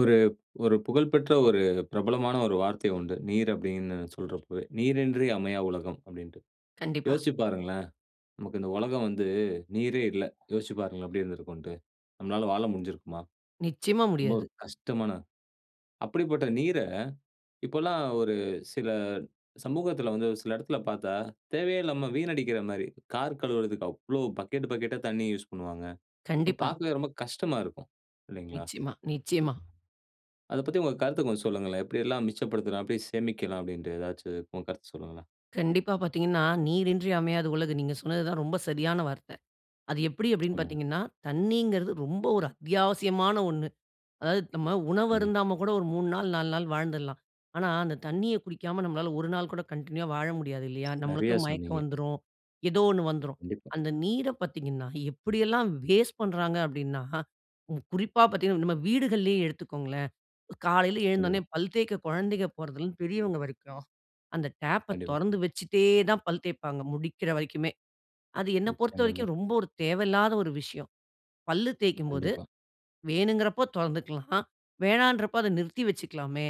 ஒரு ஒரு புகழ்பெற்ற ஒரு பிரபலமான ஒரு வார்த்தை உண்டு. நீர் அப்டினு சொல்றப்பவே, "நீரின்றி அமையா உலகம்" அப்டின்ட்டு. கண்டிப்பா. யோசிச்சு பாருங்களேன், நமக்கு இந்த உலகம் வந்து, நீரே இல்ல. யோசிச்சு பாருங்களே, எப்படி இருந்திருக்கும்ன்ட்டு. நம்மளால வாழ முடிஞ்சுருக்குமா? நிச்சயமா ரொம்ப முடியாது. ஒரு கஷ்டமான அப்படிப்பட்ட நீர, இப்பல்லா ஒரு சில சமூகத்துல வந்து, சில எடத்துல பாத்தா, தேவையே இல்லாம வீணடிக்கிற மாரி. கார் கழுவுறதுக்கு அவ்வளவு, பக்கெட் பக்கெட்டா தண்ணீய யூஸ் பண்ணுவாங்க. அப்ப கண்டிப்பா. பாக்கவே ரொம்ப கஷ்டமா இருக்கும். இல்லைங்களா? நிச்சயமா. நிச்சயமா. அத பத்தி உங்க கருத்த கொஞ்சம் சொல்லுங்களேன்? எப்படியெல்லாம் மிச்சப்படுத்தலாம்? எப்படி சேமிக்கலாம்? அப்படின்ட்டு ஏதாச்சும் உங்க கருத்த சொல்லுங்களேன்? கண்டிப்பா பாத்தீங்கன்னா, "நீரின்றி அமையாது உலகு" நீங்க சொன்னது தா ரொம்ப சரியான வார்த்த. அது எப்படி? அப்டினு ஆமாங்க. பாத்தீங்கன்னா, தண்ணீங்கறது ரொம்ப ஒரு அத்தியாவசியமான ஒண்ணு. அதாவது, நம்ம உணவு கண்டிப்பா. அருந்தாம கூட, ஒரு 3 நாள், 4 நாள் வாழ்ந்துடலாம். ஆனா, அந்த தண்ணிய குடிக்காம, நம்மளால 1 நாள் கூட கன்டின்யூவா வாழ முடியாது இல்லையா? நம்மளுக்கு நெறயா மயக்கம் சொன்னீங்க. வந்துரும். ஏதோ ஒண்ணு வந்துரும். கண்டிப்பா. அந்த நீர பாத்தீங்கன்னா, எப்படி எல்லாம் வேஸ்ட் பண்றாங்க? அப்டினா, ம் குறிப்பா பாத்தீங்கன்னா, நம்ம வீடுகள்லேயே எடுத்துக்கோங்களேன். காலையில எழுந்தோனே, கண்டிப்பா. பல் தேய்க்க குழந்தைங்க போறதுலருந்து பெரியவங்க வரைக்கும், அந்த டேப்ப கண்டிப்பா. தொறந்து வச்சுட்டேதான் பல் தேப்பாங்க, முடிக்கிற வரைக்குமே. அது என்ன நிச்சயமாங்க. பொறுத்தவரைக்கும், ரொம்ப ஒரு தேவையில்லாத ஒரு விஷயம். பல்லு தேய்க்கும்போது, கண்டிப்பா. வேணுங்கிறப்ப தொறந்துக்கலாம், வேணான்றப்ப அத நிறுத்தி வச்சுக்கிலாமே!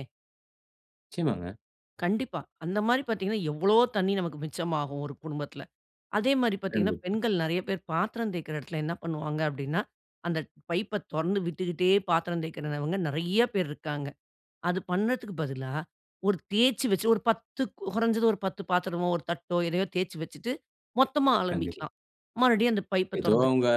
நிச்சயமாங்க. கண்டிப்பா. அந்த மாரி பார்த்தீங்கன்னா, எவ்ளோ தண்ணீ நமக்கு மிச்சமாகும் ஒரு குடும்பத்தில. அதே மாரி பார்த்தீங்கன்னா, கண்டிப்பா. பெண்கள் நெறைய பேர் பாத்திரம் தேய்க்கற இடத்தில என்ன பண்ணுவாங்க? அப்டின்னா, அந்த பைப்ப தொறந்து விட்டுக்குட்டே பாத்திரம் தேய்க்கிறவங்க நெறைய பேர் இருக்காங்க. அது பண்ணதுக்கு பதிலா, ஒரு தேய்ச்சு வச்சு ஒரு 10 கொறைஞ்சது ஒரு 10 பாத்திரமோ 1 தட்டோ எதையோ தேய்ச்சு வச்சுட்ட்டு மொத்தமா கண்டிப்பா. அலம்பிக்கலாம். மறுபடியும் அந்த பைப்ப ஏதோ அவுங்க, தொறந்துக்கலாம்.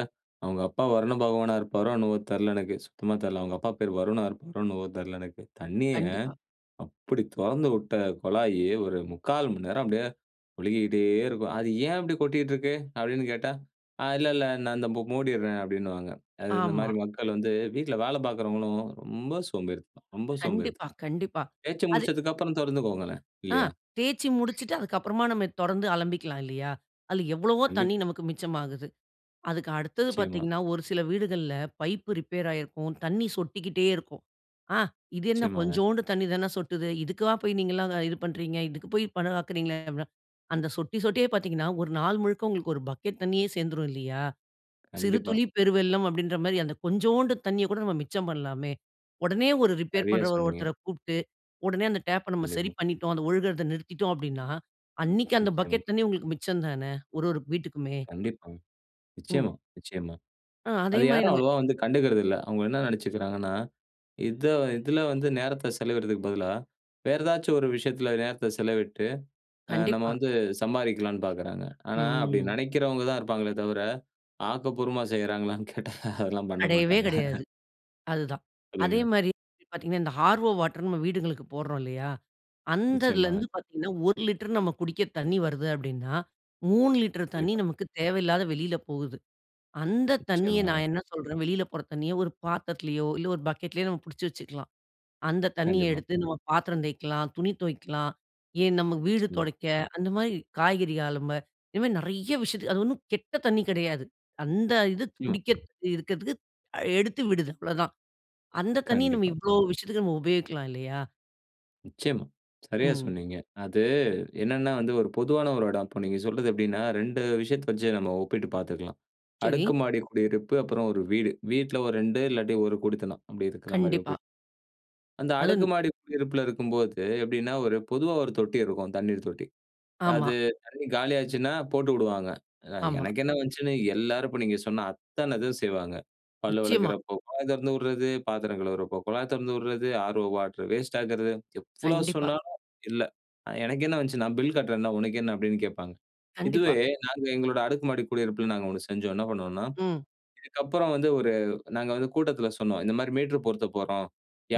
"அவுங்க அப்பா வருண பகவானா இருப்பாரோ?" என்னவோ? தெரில எனக்கு சுத்தமா தெரியல. அவங்க அப்பா பேரு "வருணா" இருக்குமோ என்னவோ தெரில எனக்கு. தண்ணிய கண்டிப்பா. அப்டி தொறந்து விட்ட கொழாயி, ஒரு 3/4 மணி நேரம் அப்டியே ஒழுகிக்கிட்டே இருக்கும். "அது ஏன் அப்டி கொட்டிட்டு இருக்கு?" அப்டின்னு கேட்டா "ஆ இல்ல, இல்ல நான் இந்த மூடிர்றேன்" அப்டின்னுவாங்க. அது இந்த மாரி ஆமா. மக்கள் வந்து வீட்ல வேல பார்க்கறவங்களும் ரொம்ப சோம்பேறிதனம், ரொம்ப கண்டிப்பா, சோம்பேறிதனம். கண்டிப்பா தேச்சு அது முடிச்சதுக்கு அப்புறம் தொறந்துக்கோங்களேன் ஆ இல்லையா? தேய்ச்சு முடிச்சுட்டு அதுக்கு அப்புறமா நம்ம தொறந்து அலம்பிக்கலாம் இல்லையா? அதில எவ்வளவோ தண்ணீ கண்டிப்பா. நமக்கு மிச்சமாகுது. அதுக்கு அடுத்தது நிச்சயமா. பார்த்தீங்கன்னா, ஒரு சில வீடுகள்ல பைப்பு ரிப்பேர் ஆயிருக்கும். தண்ணீ சொட்டிக்கிட்டே இருக்கும். "ஆ இது என்ன? நிச்சயமாங்க. கொஞ்சோண்டு தண்ணீ தானே சொட்டுது. இதுக்காலாம் போய் நீங்கல்லாம் இது பண்றீங்க? இதுக்கு போய் பணம் ஆக்குகிறீங்களே?" அப்ன அந்த சொட்டி சொட்டியே பார்த்தீங்கன்னா, ஒரு நாள் முழுக்க ஒரு பக்கெட் தண்ணீயே சேர்ந்துரும் இல்லையா? "சிறு கண்டிப்பா. துளி பெருவெள்ளம்" அப்டின்ற மாரி அந்த கொஞ்சோண்டு தண்ணீய கூட நம்ம மிச்சம் பண்ணலாமே. உடனே ஒரு ரிப்பேர் சரியா பண்றவர் சொன்னீங்க. ஒருத்தர கூப்புட்டு உடனே அந்த டேப்ப நம்ம சரி கண்டிப்பா. பண்ணிட்டோம் அத ஒழுகுறத நிறுத்திட்டோம் அப்டின்னா, அன்னைக்கு அந்த நிச்சயமா. பக்கெட் தண்ணீ உங்களுக்கு மிச்சம் தானே, ஒரு ஒரு வீட்டிக்குமே. கண்டிப்பாங்க. ம். நிச்சயமா, நிச்சயமா. ஆ அதே அத மாரி யாரும் நம்ம அவ்வளவா வந்து கண்டுக்குறதில்ல. அவங்க என்ன நெனைச்சுக்குறாங்கன்னா, "இத இதில வந்து நேரத்த செலவிடுறதுக்கு பதிலா வேற ஏதாச்சும் ஒரு விஷயத்தில நேரத்த செலவிட்டு, அ நம்ம கண்டிப்பா. வந்து சம்பாரிக்கலான்னு" பார்க்குறாங்க. ஆனா அப்டி ம். நெனைக்கிறவங்க தான் இருப்பாங்களே தவர, ஆக்கப்பூர்வமா செய்றாங்களான்னு கேட்டா அதெல்லாம் பண்ண கடையவே மாட்டாங்க. கடையாது, அதுதான். அதே சொல்லுங்க. மாரி இப்ப பார்த்தீங்கன்னா, இந்த ஹார்வோ வாட்டர் நம்ம வீடுங்களுக்கு போடுறோம் இல்லையா? நிச்சயமாங்க. அந்ததுலேருந்து பார்த்தீங்கன்னா, 1 லிட்டர் நம்ம குடிக்க தண்ணி வருது அப்டின்னா, 3 லிட்டர் தண்ணி கண்டிப்பா. நமக்கு தேவையில்லாத வெளில போகுது. அந்த தண்ணிய நிச்சயமாங்க. நான் என்ன சொல்றேன் வெளில போற தண்ணிய ஒரு பாத்திரத்திலேயோ, இல்ல ஒரு பக்கெட்லயோ நம்ம புடிச்சு வச்சுக்கலாம். அந்த தண்ணீய கண்டிப்பா. எடுத்து நம்ம பாத்திரம் தேய்க்கலாம், துணி தொவைக்கலாம், ஏன்? நமக்கு வீடு நிச்சியமா. தொடைக்க, அந்த மாரி காய்கறி அலும்ப இது மாதிரி நெறைய விஷயத்துக்கு அது ஒண்ணும் கெட்ட தண்ணீ கெடையாது. அந்த இது நிச்சியமா. குடிக்க இருக்கதுக்கு எடுத்து விடுது அவ்ளோ தான். அந்த தண்ணீய நம்ம கண்டிப்பா. இவ்ளோ விஷயத்துக்கு உபயோகிக்கலாம் இல்லையா? நிச்சயமா, சரியா ம். சொன்னீங்க. அது என்னன்னா வந்து ஒரு பொதுவான ஒரு எடம். இப்ப நீங்க சொல்றது எப்படினா, 2 விஷயத்த வச்சு நம்ம ஒப்பிட்டு பார்த்துக்கலாம். செரி. அடுக்கு மாடி குடியிருப்பு அப்புறம் ஒரு வீடு. வீட்ல ஒரு 2 இல்லாட்டி ஒரு குடித்தனம் அப்டி இருக்கிற மாரி கண்டிப்பா. ஒப்பிட். அந்த அடுக்கு அதுவும். மாடி குடியிருப்பில இருக்கும்போது எப்படின்னா, ஒரு பொதுவா ஒரு தொட்டி இருக்கும் தண்ணீர் தொட்டி. அது ஆமா. தண்ணி காலியாச்சுனா போட்டு விடுவாங்க. ஆமா. எனக்கு என்ன வந்துச்சுன்னு எல்லாரு இப்ப நீங்க சொன்ன அத்தன இது செய்வாங்க. பல் நிச்சயமா. வெளக்கிறப்ப குழாய் தெறந்து விட்றது, பாத்திரம் கழுவுறப்ப குழாய் தெறந்து விடறது, ஆர்வோ வாட்டர் வேஸ்ட் ஆக்குறது. எவ்ளோ கண்டிப்பா. சொன்னாலும் இல்ல அ "எனக்கு என்ன வந்துச்சு நான் பில் கட்டுறேன்ல, உனக்கு என்ன?" அப்படின்னு கேப்பாங்க. இதுவே கண்டிப்பா. நாங்க எங்களோட அடுக்குமாடி குடியிருப்பில நாங்க ஒன்னு செஞ்சோம். என்ன பண்ணுவோம்னா? ம். இதுக்கு அப்புற வந்து ஒரு நாங்க வந்து கூட்டத்தில சொன்னோம், "இந்த மாரி மீட்டர் பொருத்தப் போறோம்.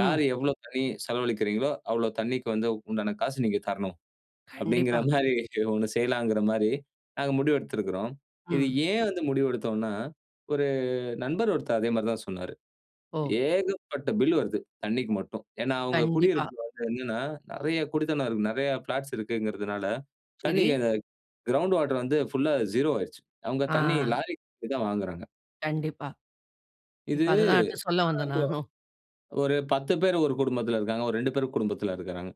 யார் எவ்வளோ தண்ணீ செலவழிக்கிறீங்களோ, அவ்வளோ தண்ணிக்கு வந்து உண்டான காசு நீங்க தரணும்." அப்படிங்கிற கண்டிப்பா. மாரி ஒன்னு செய்யலாங்கிற மாரிம் நாங்க முடிவெடுத்திருக்கிறோம். இது ம். ஏன் வந்து முடிவு எடுத்தோம்னா? ஒரு நண்பர் ஒருத்தர் அதே மாரி தா சொன்னாரு. ஓ! "ஏகப்பட்ட பில் வருது தண்ணிக்கு மட்டும்." ஏனா, அவங்க கண்டிப்பா. குடியிருப்பில வந்து என்னன்னா, நெறைய குடித்தனம் இருக்குது, நெறைய ஃபிளாட்ஸ் இருக்குங்கிறனால செரி. தண்ணீய, கிரவுண்ட் வாட்டர் வந்து புல்லா ஸீரோ ஆயிருச்சு. அவங்க ஆ. தண்ணீர் லாரில தா வாங்குறாங்க. கண்டிப்பா. இது இப்ப அதுதான் அடுத்து சொல்ல வந்தேன் இப்போ நானும். ஒரு 10 பேர் ஒரு குடும்பத்தில இருக்காங்க. ஒரு 2 பேர் குடும்பத்தில இருக்காங்க.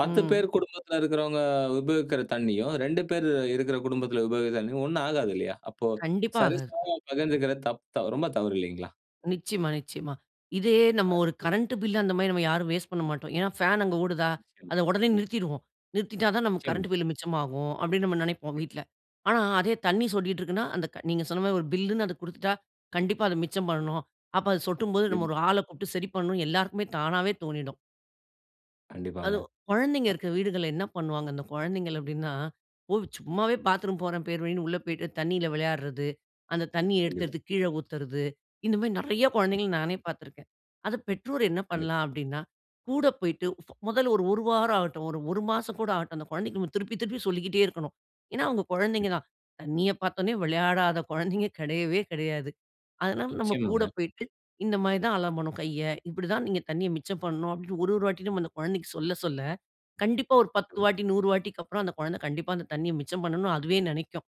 10 ம். பேர் குடும்பத்தில இருக்கிறவங்க உபயோகிக்கிற தண்ணீயும், 2 பேர் இருக்கிற குடும்பத்தில உபயோகிக்க தண்ணியும் ஒண்ணா ஆகாது இல்லையா? அப்போ கண்டிப்பா, ஆகாது. சரிசமமா பகிர்ந்துக்குறது தப் ரொம்ப தவறு இல்லைங்களா? நிச்சயமா நிச்சயமா. இதே நம்ம ஒரு [unintelligible] கரண்ட் பில் அந்த மாதிரி நாம் யாரும் வேஸ்ட் பண்ண மாட்டோம். ஏன்னா ஃபேன் அங்கே ஓடுதா? நிச்சயமா. அத உடனே நிறுத்திருவோம். "நிறுத்திட்டா தான் நமக்கு கரண்ட் நிச்சயமாங்க. பில் மிச்சமாகும்." அப்படின்னு நம்ம நினைப்போம் வீட்டில. ஆனா அதே தண்ணீர் சொட்டிகிட்டு இருக்குன்னா அந்த க நீங்க சொன்ன மாதிரி ஒரு பில்ன்னு அதை கொடுத்துட்டா கண்டிப்பா அத மிச்சம் பண்ணணும். அப்ப அது சொட்டும்போது நம்ம ம். ஒரு ஆள கூப்ட்டு சரி பண்ணனும் எல்லாருக்குமே தானாவே தோனிடும். கண்டிப்பாங்க. அது குழந்தைங்க அ இருக்கிற வீடுகள்ல என்ன பண்ணுவாங்க? அந்த குழந்தைகள் அப்படின்னா, ஓ சும்மாவே பாத்ரூம் போறேன் பேர்வழின்னு உள்ள போய்ட்டு தண்ணீல விளையாடுறது, அந்த தண்ணீய கண்டிப்பா. எடுத்தெடுத்து கீழ ஊத்துறது இந்த மாதிரி நிறைய குழந்தைகள்ல நானே பார்த்து இருக்கேன். அத பெற்றோர் என்ன கண்டிப்பா. பண்ணலாம்? அப்படின்னா கூட போய்ட்டு ஃபோ முதல்ல ஒரு 1 வாரம் ஆகட்டும், ஒரு 1 மாசம் கூட ஆகட்டும் அந்த குழந்தைகளுக்கு திருப்பி திருப்பி சொல்லிக்கிட்டே இருக்கணும். ஏன்னா அவங்க குழந்தைங்க கண்டிப்பா. தான். தண்ணிய பார்த்த உடனே விளையாடாத குழந்தைங்க கிடையவே கிடையாது. அதனால நம்ம கூட நிச்சயமாங்க. போயிட்டு இந்த மாதிரி தான் அலம்பணும் கைய. இப்படிதான் நீங்க தண்ணிய மிச்சம் பண்ணணும் அப்படின்னு ஒரு ஒரு வாட்டியும் நம்ம அந்த குழந்தைக்கு சொல்ல சொல்ல கண்டிப்பா ஒரு 10 ம். வாட்டி 100 வாட்டிக்கு அப்புறம் அந்த குழந்தை கண்டிப்பா அந்த தண்ணிய மிச்சம் பண்ணணும் அதுவே நினைக்கும்.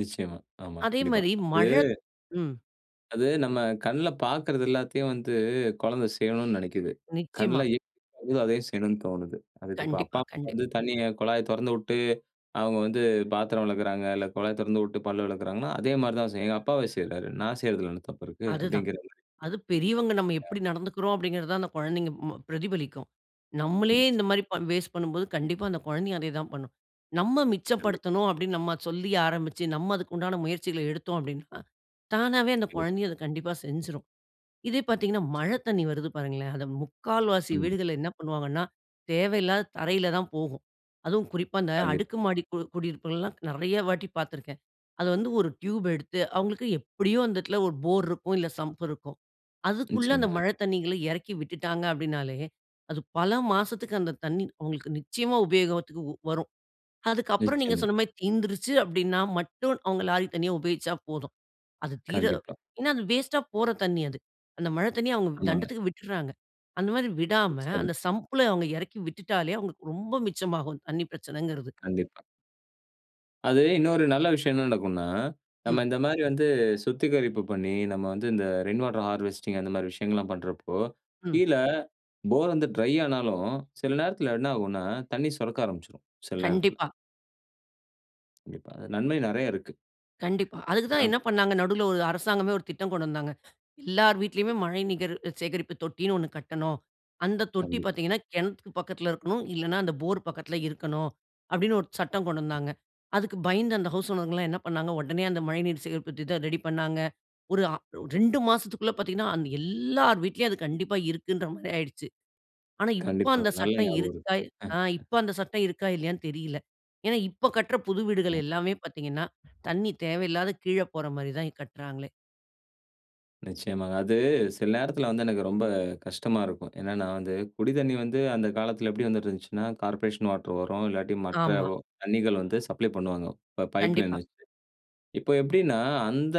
நிச்சயமா, ஆமா. அதே கண்டிப்பா, மாரி அது மழத் ம். அது நம்ம கண்ல பார்க்கிறது எல்லாத்தையும் வந்து கொழந்த செய்யணும்னு நெனைக்குது. கண்ல நிச்சயமா. அதுவும் அதயே செய்யணும்னு தோணுது. அதுக்கு இப்ப அப்பா, கண்டிப்பா, அம்மா கண்டிப் வந்து தண்ணிய குழாய தொறந்து விட்டு அவங்க வந்து பாத்திரம் வெளக்கிறாங்க இல்ல கொழாய தெறந்து விட்டு பல் வெளக்கிறாங்கன்னா, அதே மாரி தா செய்யு. ஏ அப்பாவே செய்றாரு. நா செய்றதில என்ன தப்பு இருக்கு? அதுதான். அப்படிங்கிற மாரி. அது பெரியவங்க நம்ம ஆ. எப்படி நடந்துக்குறோம்? அப்படிங்கிறது தாந் அந்த குழந்தைங்க ம பிரதிபலிக்கும். நம்லே இந்த நிச்சயமா. மாரி பண் வேஸ்ட் பண்ணும்போது கண்டிப்பா அந்த குழந்தையும் அதே தான் பண்ணும். நம்ம கண்டிப்பா. மிச்சப்படுத்தனும் அப்படினு நம்ம சொல்லி ஆரம்பிச்சு நம்ம அதுக்குண்டான முயற்சிகள எடுத்தோம் அப்படினா, தானாவே அந்த கண்டிப்பா. குழந்தையும் அத கண்டிப்பா செஞ்சுரும். இதே பாத்தீங்கனா மழ நிச்சயமா. தண்ணி வருது பாருங்களேன், அது முக்கால்வாசி ம். வீடுகள்ள என்ன பண்ணுவாங்கனா தேவையில்லாத தரையில தான் போகும். அதுவும் குறிப்பா இந்த கண்டிப்பா. அடுக்கு மாடி கு குடியிருப்புகள் எல்லா நெறைய வாட்டி பார்த்துருக்கேன். அது வந்து ஒரு டியூப் எடுத்து அவங்களுக்கு எப்படியும் அந்த இடத்தில ஒரு போர் இருக்கும் இல்ல சம்ப் இருக்கும். அதுக்குள்ள அந்த நிச்சயமா. மழ தண்ணீகள எறக்கி விட்டுட்டாங்க அப்படினாலே, அது பல மாசத்துக்கு அந்த தண்ணி அவங்களுக்கு நிச்சயமா உபயோகத்திக்கு வரும். அதுக்கு அப்புறம் நீங்க நிச்சயமா. சொன்ன மாரி தீந்துருச்சு அப்படினா மட்டும் அவங்க லாரி தண்ணி உபயோகிச்சா போதும். அது தீர கண்டிப்பா. ஏனா அது வேஸ்ட்டா போற தண்ணி அது. அந்த மழ தண்ணி அவங்க ஆமாங்க. தண்டத்துக்கு விட்டுட்டுறாங்க. அந்த மாரி விடாம, நிச்சயமா. அந்த சம்ப்ள அவங்க எறக்கி விட்டுட்டாலே அவங்களுக்கு ரொம்ப மிச்சமாகும் தண்ணி பிரச்சனங்கிறது. கண்டிப்பா. அது இன்னொரு நல்ல விஷயம் என்ன நடக்குன்னா, நம்ம ம். இந்த மாதிரி வந்து சுத்திகரிப்பு பண்ணி நம்ம வந்து இந்த ரெயின் வாட்டர் ஹார்வெஸ்டிங் அந்த மாரி விஷயங்கல்லாம் பண்றப்போ ம். கீழ போர் வந்து ட்ரை ஆனாலும் சில நேரத்தில என்ன ஆகுன்னா தண்ணீர் சுரக்க ஆரம்பிச்சுடும். சில நேரத்துல கண்டிப்பா. [unintelligible] நன்மை நிறைய இருக்கு. கண்டிப்பா. அதுக்கு [unintelligible] தான் ஆ. என்ன பண்னாங்க நடுவுல ஒரு அரசாங்கமே ஒரு திட்டம் கொண்டு வந்தாங்க. எல்லார் வீட்லயுமே மழைநீர் சேகரிப்பு தொட்டின்னு 1 கட்டணும். அந்த தொட்டி கண்டிப். பார்த்தீங்கண்ணா, கிணத்துக்கு பக்கத்துல இருக்கணும் இல்லைன்னா, அந்த போர் பக்கத்தில் இருக்கணும். அப்படின்னு ஒரு சட்டம் கொண்டு வந்தாங்க. அதுக்கு பயந்து அந்த ஹவுஸ் ஓனர்ங்க எல்லாம் என்ன பண்ணாங்க, உடனே அந்த மழைநீர் சேகரிப்பு திட்டம் ரெடி பண்ணாங்க. ஒரு 2 மாசத்துக்குள்ள பார்த்தீங்கன்னா எல்லார் வீட்டிலும் அது கண்டிப்பா இருக்குன்ற மாதிரி ஆயிடுச்சு. ஆனா, இப்போ கண்டிப்பா அந்த நல்ல சட்டம் ஞாபகம் இருக்கு. இருக்கா, ஆ இப்போ அந்த சட்டம் இருக்கா இல்லையான்னு தெரியல. ஏன்னா இப்போ கட்ற புது வீடுகள் [unintelligible] எல்லாமே பார்த்தீங்கன்னா தண்ணீ தேவையில்லாத கீழே போற மாரி தான் கட்றாங்களே! நிச்சயமாங்க. அது சில நேரத்துல வந்து எனக்கு ரொம்ப நேரம் கஷ்டமா இருக்கும். என்னன்னா வந்து குடி தண்ணீ வந்து அந்த காலத்துல எப்படி வந்துட்டு இருந்துச்சுன்னா கார்ப்பரேஷன் வாட்டர் வரும். இல்லாட்டி மற்ற ஆமா. தண்ணீர்கள் வந்து சப்ளை பண்ணுவாங்க பைப்லைன் கண்டிப்பா. வச்சு. இப்போ எப்படின்னா அந்த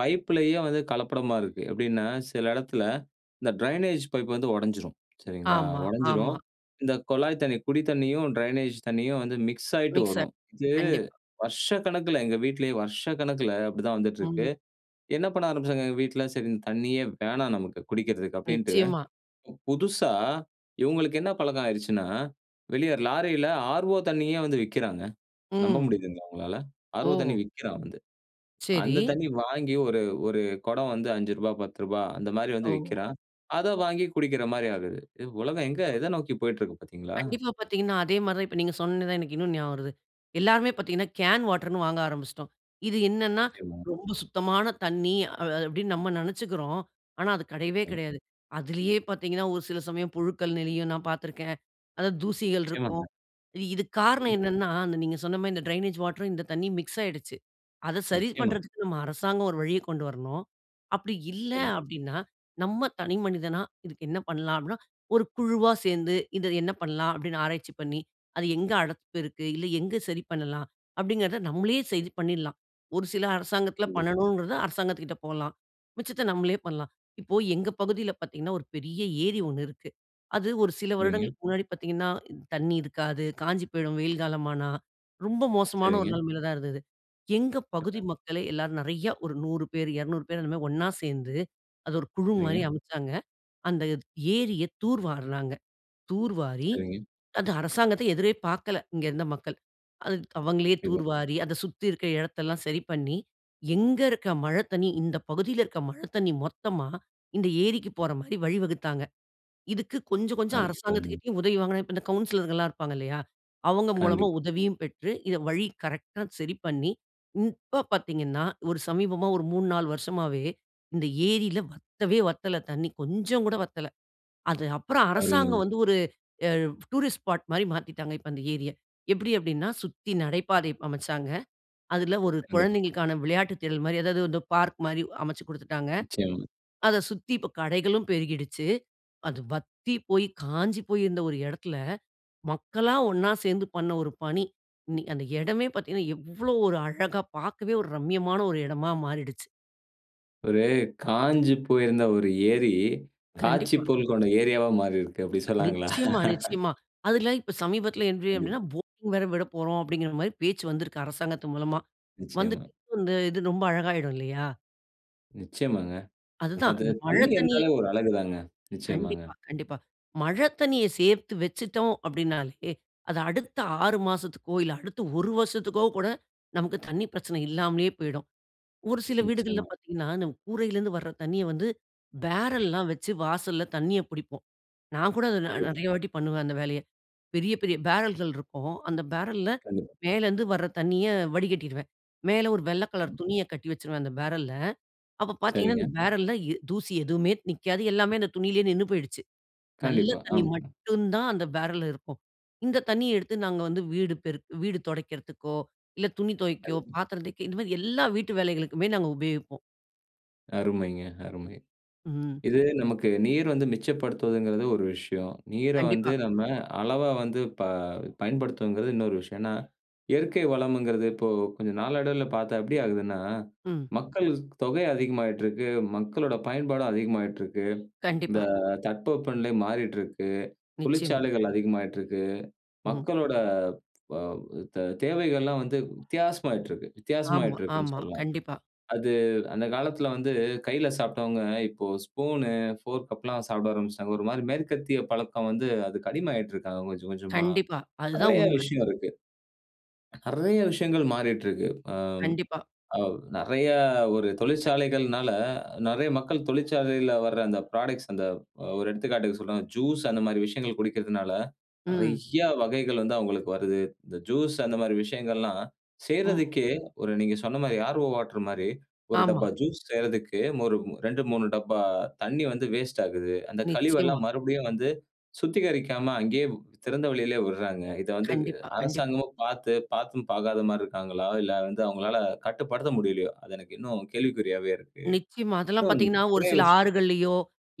பைப்புலேயே வந்து கலப்படமா இருக்கு எப்படின்னா சில இடத்துல இந்த ட்ரெயினேஜ் பைப் வந்து உடைஞ்சிடும் சரிங்களா, ஆமா உடைஞ்சிடும் ஆமா. இந்த குழாய் தண்ணி குடி தண்ணியும் ட்ரெயினேஜ் தண்ணியும் வந்து மிக்ஸ் ஆயிட்டு மிக்ஸர் வரும் இது, கண்டிப்பா. வருஷக்கணக்கில எங்க வீட்டிலேயே வருஷக்கணக்கில அப்படிதான் வந்துட்டு இருக்கு. ம். என்ன பண்ண ஆரம்பிச்சாங்க எங்க வீட்ல சரி இந்த தண்ணியே வேணாம் நமக்கு குடிக்கிறதுக்கு அப்படின்ட்டு நிச்சயமா. புதுசா இவங்களுக்கு என்ன பழக்கம் ஆயிடுச்சுன்னா வெளியே லாரியில ஆர்ஓ தண்ணியே வந்து விக்கிறாங்க. நம்ப ம்ஹ்ம். முடியுதா உங்களால. ஆர்ஓ ஓஹ். தண்ணீயே விக்கிறான். சரி. அந்த தண்ணீ வாங்கி ஒரு ஒரு கொடம் வந்து 5 ரூபா 10 ரூபா அந்த மாதிரி வந்து ஓ. விக்கிறான். அதை வாங்கி குடிக்கிற மாதிரி ஆகிறது. உலகம் எங்க எத நோக்கி போய்க்கிட்டு இருக்கு பார்த்தீங்களா? கண்டிப்பா பார்த்தீங்கன்னா அதே மாதிரி தான் இப்போ நீங்க சொன்னோன்னா தான் எனக்கு இன்னொன்னும் ஞாபகம் வருது. எல்லோருமே பார்த்திங்கன்னா கேன் வாட்டர்னு வாங்க ஆரம்பிச்சுட்டோம். இது என்னென்னா நிச்சயமா. ரொம்ப சுத்தமான தண்ணி அ அப்படின்னு நம்ம நினைச்சுக்கிறோம். ஆனா அது கிடையவே ம். கிடையாது. அதுலேயே பார்த்தீங்கன்னா ஒரு சில சமயம் புழுக்கள் நெளியும், நான் பார்த்திருக்கேன். அதாவது தூசிகள் நிச்சயமாங்க. இருக்கும். இதுக்கு காரணம் கண்டிப். என்னன்னா நீங்க சொன்ன மாதிரி இந்த ட்ரெயினேஜ் வாட்டர் இந்த தண்ணீர் மிக்ஸ் ஆயிடுச்சு. அதை சரி நிச்சயமா. பண்றதுக்கு நம்ம அரசாங்கம் ஒரு வழியைக் கொண்டு வரணும். அப்படி இல்ல நிச்சயமா. அப்படின்னா நம்ம தனிமனிதனா இதுக்கு என்ன பண்ணலாம் அப்படின்னா, ஒரு குழுவா சேர்ந்து இத என்ன பண்ணலாம். அப்படின்னு ஆராய்ச்சி பண்ணி அது எங்க அடப்பு இருக்கு இல்ல எங்கே சரி பண்ணலாம் அப்படிங்கிறத நம்மளே சரி பண்ணில்லாம் ஒரு சில அரசாங்கத்தில் கண்டிப். பண்ணணுங்கிறத அரசாங்கத்துகிட்டே போகலாம் மிச்சத்தை நம்மளே பண்ணலாம். இப்போ எங்க பகுதியில் பார்த்திங்கன்னா, ஒரு பெரிய ஏரி 1 இருக்கு, அது ஒரு சில சரிங்க. வருடங்களுக்கு முன்னாடி பார்த்திங்கன்னா தண்ணி இருக்காது, காஞ்சு போயிடும் வெயில் காலமானா, ரொம்ப மோசமான ஒரு சரிங்க. நிலைமையில் தான் இருந்தது எங்கள் பகுதி [unintelligible] மக்களே எல்லாரும் நிறையா ஒரு 100 பேர், 200 பேர் அந்த மாதிரி ஒன்னா சேர்ந்து அது ஒரு குழு மாதிரி சரிங்க. அமைச்சாங்க. அந்த ஏரியை தூர் வாரினாங்க. தூர் வாரி, சரிங்க. அந்த அரசாங்கத்தை எதிரே பார்க்கல, இங்கு இருந்த மக்கள் அவங்களே [unintelligible] தூர்வாரி, அதை சுத்தி இருக்கிற இடத்தை எல்லாம் சரி பண்ணி, எங்கு இருக்கிற மழை தண்ணீ இந்த பகுதியில இருக்கிற மழை தண்ணீ மொத்தமா இந்த ஏரிக்கு போற மாதிரி வழிவகுத்தாங்க. இதுக்கு கொஞ்சம் அ கொஞ்சம் [unintelligible] அரசாங்கத்திட்ட உதவி வாங்கினது இந்த கவுன்சிலர்ங்க எல்லாம் இருப்பாங்க இல்லையா, அவங்க மூலமா கண்டிப்பா. உதவியும் பெற்று வழி கரெக்ட்டா சரி பண்ணி, இப்ப பார்த்தீங்கன்னா ஒரு சமீபமா ஒரு 3 4 வருஷமவே இந்த ஏரியில வத்தவே வத்தல தண்ணீ கொஞ்சம் கூட வத்தல. அது அப்புறம் அரசாங்கம் அருமைங்க. வந்து ஒரு டூரிஸ்ட் ஸ்பாட் மாதிரி மாத்தீட்டாங்க. இப்போது அந்த ஏரிய. எப்படி அப்படின்னா சுத்தி நடைபாதை அமைச்சாங்க. அதுல ஒரு கண்டிப்பா. குழந்தைங்களுக்கான விளையாட்டு திடல் மாதிரி அதாவது பார்க் மாதிரி அமைச்சு குடுத்துட்டாங்க. நிச்சயமா. அதை சுத்தி இப்பொ கடைகளும் பெருகிடுச்சு. அது வத்தி போய் காஞ்சி போய் இருந்த ஒரு இடத்தில மக்களா ஒன்னா சேர்ந்து பண்ண ஒரு பணி, இன்னி அந்த இடமே பார்த்தீங்கன்னா எவ்வளவு ஒரு அழகா பார்க்கவே ஒரு ரம்மியமான ஒரு இடமா மாறிடுச்சு. ஒரு காய்ஞ்சு போயிருந்த ஒரு ஏரி, காட்சி கண்டிப்பா. போல் கொண்ட ஏரியாவா மாறிருக்கு. அப்டி சொல்லலாங்களா? நிச்சயமா, நிச்சயமா. அதுல இப்போ சமீபத்துல என்ட்றீ கண்டிப்பா. அப்டின்னா, போட்டிங் வேற விடப்போறோம். அப்டின்கிற மாரி பேச்சு வந்து அரசாங்கத்தின் மூலமா. நிச்சயமா. வந்துட்டு இது ரொம்ப அழகாயுடும் இல்லயா? நிச்சயமாங்க. அதுதான் அது இந்த மழை தண்ணீ தண்ணீர் இருந்தாலே, ஒரு அழகு தாங்க. நிச்சயமாங்க. கண்டிப்பா, கண்டிப்பா. மழை தண்ணீய சேர்த்து வச்சிட்டோம் அப்டின்னாலே, அது அடுத்த 6 மாசத்துக்கோ, இல்ல அடுத்த 1 வருசத்துக்கோ, கூட நமக்கு தண்ணீ பிரச்சனை இல்லாமலே போய்டும். ஒரு சில வீடுகள்ல நிச்சயமா. பார்த்திங்கன்னா, அந்த கூரையிலருந்து வர்ற தண்ணிய வந்து, பேரல்லாம் வச்சு வாசல்ல தண்ணிய புடிப்போம். நான் கூட அத நெ [unintelligible] நெறைய வாட்டி பண்ணுவேன் அந்த வேலைய. பெரிய பெரிய பேரல்கள் இருக்கும். அந்த பேரல்ல கண்டிப்பா. மேலேருந்து வர்ற தண்ணிய வடிகட்டிருவேன். மேலே ஒரு வெள்ள கலர் துணிய கட்டி வச்சுருவேன் அந்த பேரல்ல. அப்போ பார்த்திங்கன்னா, சரிங்க. அந்த பேரல்ல எ தூசி எதுவுமே நிக்காது. எல்லாமே அந்த துணியிலயே நின்னு போயிடுச்சு. நல்ல கண்டிப்பா, தண்ணி ஆமாங்க. மட்டும் தான் அந்த பேரல்ல இருக்கும். இந்த தண்ணிய எடுத்து, நாங்க வந்து வீடு பெருக் வீடு தொடைக்கிறதுக்கோ, இல்ல துணி தொவைக்கோ, கண்டிப்பா. பாத்திரம் தேய்க்க இந்த மாரி, எல்லா வீட்டு வேலைகளுக்குமே நாங்க உபயோகிப்போம். அருமைங்க அருமை. ம். இது, நமக்கு நீர் வந்து மிச்சப்படுத்துவதுங்கிறது ஒரு விஷயம். நீரை வந்து கண்டிப்பா. நம்ம அளவா வந்து ப பயன்படுத்துவதுங்கிறது இன்னொரு விஷயம். ஏன்னா, இயற்கை வளம்ங்கிறது, இப்போ, கொஞ்சம் நாளடைவில பார்த்தா எப்படி ஆகுதுன்னா, ம். மக்கள் ஸ் தொகை அதிகமாயிட்டுருக்கு, மக்களோட பயன்பாடும் அதிகமாகிட்டுருக்கு. இந்த கண்டிப்பா. தட்பவெப்பநிலை மாறிட்டுருக்கு. நிச்சயமா. தொழிற்சாலைகள் அதிகமாயிட்டுருக்கு. ம். மக்களோட, வ தெ தேவைகள்லாம் வந்து வித்தியாசமாயிட்டுருக்கு, ஆமா, வித்தியாசமாயிட்டுருக்குன்னு ஆமா. சொல்லலாம். கண்டிப்பா. அது, அந்த காலத்தில வந்து கையில சாப்பிட்டவங்க, இப்போ ஸ்பூன், ஃபோர்க் அப்பிட்லாம் சாப்பிட ஆரம்பிச்சுட்டாங்க. ஒரு மாரி மேற்கத்திய பழக்கம் வந்து, அதுக்கு அடிமையாயிட்டு இருக்காங்க கொஞ்சம் கொஞ்சமா. கண்டிப்பா. அதுதான் நெறைய உண்மை. விஷயம் இருக்கு, நெறைய விஷயங்கள் மாறிட்டுருக்கு. ஆ, கண்டிப்பா. ஆ நெறைய ஒரு தொழிற்சாலைகள்னால, நெறைய மக்கள் தொழிற்சாலையில வர்ற அந்த ப்ராடக்ட்ஸ் அந்த, அ ஒரு எடுத்துக்காட்டுக்கு சொல்றேங்க, ஜூஸ் அந்த மாதிரி விஷயங்கள் குடிக்கிறதனால, ம். நெறைய வகைகள் வந்து, அவங்களுக்கு வருது, இந்த ஜூஸ் அந்த மாதிரி விஷயங்கள் எல்லாம் ம். செய்றதுக்கே, ஒரு நீங்க சொன்ன மாரி ஆர் ஓ வாட்டர் மாரி, 1 ஆமா. டப்பா ஜூஸ் செய்யிறதுக்கு, ஒரு 2, 3 டப்பா தண்ணி வந்து வேஸ்ட் ஆகுது, அந்த நிச்சயமா. கழிவெல்லாம், மறுபடியும் வந்து, சுத்திகரிக்காம, அங்கேயே, திறந்தவெளியிலே விடுறாங்க. இத வந்து கண்டிப்பா, கண்டிப்பா. அரசாங்கமும் பார்த்து, பார்த்தும், பார்க்காத மாதிரி இருக்காங்களா? இல்ல வந்து, அவங்களால கட்டுப்படுத்த முடியலையோ? அது எனக்கு இன்னும் கேள்விக்குறியாவே இருக்கு. நிச்சயமா, அதெல்லாம் இன்னும் பார்த்தீங்கனா, ஒரு நெறைய சில விஷயம் ஆறுகள்லயோ,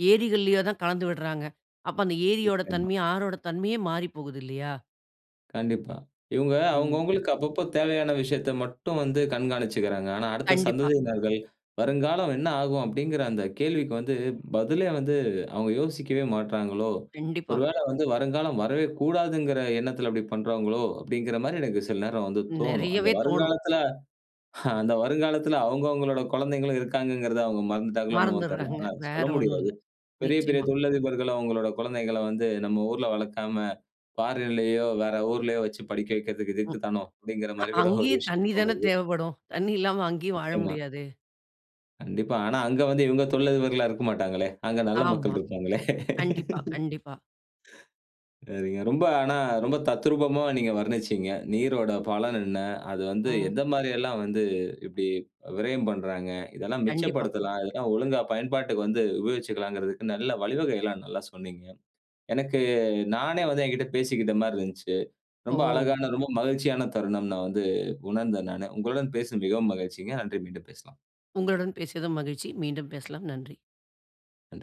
ஏரிகள்லயோ தான் கலந்து விடுறாங்க, அப்போ அந்த ஏரியோட நிச்சயமா. தன்மை, ஆறோட தன்மையே மாறிப்போகுது இல்லையா? கண்டிப்பா. இவுங்க ம். அவங்கவங்களுக்கு அப்பப்போ தேவையான விஷயத்த மட்டும் வந்து கண்காணிச்சிக்கிறாங்க. ஆனா, அடுத்த கண்டிப்பா. சந்ததியினர்கள், வருங்காலம் என்ன ஆகும்? அப்படிங்கிற அந்த கேள்விக்கு வந்து பதிலே வந்து, அவங்க யோசிக்கவே மாட்டிறாங்களோ? கண்டிப்பா. ஒருவேள வந்து வருங்காலம் வரவே கூடாதுங்கிற எண்ணத்தில அப்படி பண்றாங்களோ? அப்படிங்கிற மாரி எனக்கு சில நேர வந்து தோணும். அந்த நெறையவே தோணும். வருங்காலத்தில அந்த வருங்காலத்தில அவங்கவங்களோட கொழந்தைகளும் இருக்காங்ககிறத அவங்க மறந்துட்டாங்களோ! என்னமோனு தெரியல. மறந்துட்றாங்க ஆனா அத வேற சொல்ல ஒண்ணும் முடியாது. இல்ல, பெரிய பெரிய நிச்சயமா. தொழிலதிபர்களும் அவங்களுடைய குழந்தைகள வந்து நம்ம ஊர்ல வளக்காம, பாரின்லயோ, வேற ஊர்லயோ வச்சு படிக்க வெக்கிறது இதுக்கு ம். தானோ, அப்படிங்கிற அ மாரி கூட ஒரு அங்கயும் விஷயம் தண்ணீ தான தோணுது. தேவைப்படும்? தண்ணி இல்லாம அங்கயும் வாழ நிச்சயமா. முடியாதே! கண்டிப்பா. ஆனா அங்க வந்து இவங்க தொழில் அதிபர்களா இருக்க மாட்டாங்களே. அங்க நல்ல மக்கள் ஆமா இருப்பாங்களே. கண்டிப்பா கண்டிப்பா. நீங்க ரொம்ப ஆனா ரொம்ப தத்ரூபமா நீங்க வர்ணிச்சீங்க. நீரோட பலன் என்ன? அது வந்து ம். எந்த மாரி எல்லாம் வந்து இப்படி விரயம் பண்றாங்க? இதெல்லா கண்டிப்பா. மிச்சப்படுத்தலாம். இதெல்லா ஒழுங்கா பயன்பாட்டுக்கு வந்து உபயோகிச்சுகலாங்கிறதுக்கு நல்லா வழிவகைகள்லாம் நல்லா சொன்னீங்க. எனக்கு நானே வந்து எங்கிட்ட பேசிக்கிட்ட மாரி இருந்துச்சு. ரொம்ப ஓ! அழகான, ரொம்ப மகிழ்ச்சியான தருணம் நா வந்து உணர்ந்தேன் நானு. உங்களுடன் பேசுன மிகவும் மகிழ்ச்சிங்க. நன்றி மீண்டும் பேசலாம். உங்களுடன் பேசியதும் மகிழ்ச்சி. மீண்டும் பேசலாம். நன்றி! நன்றி!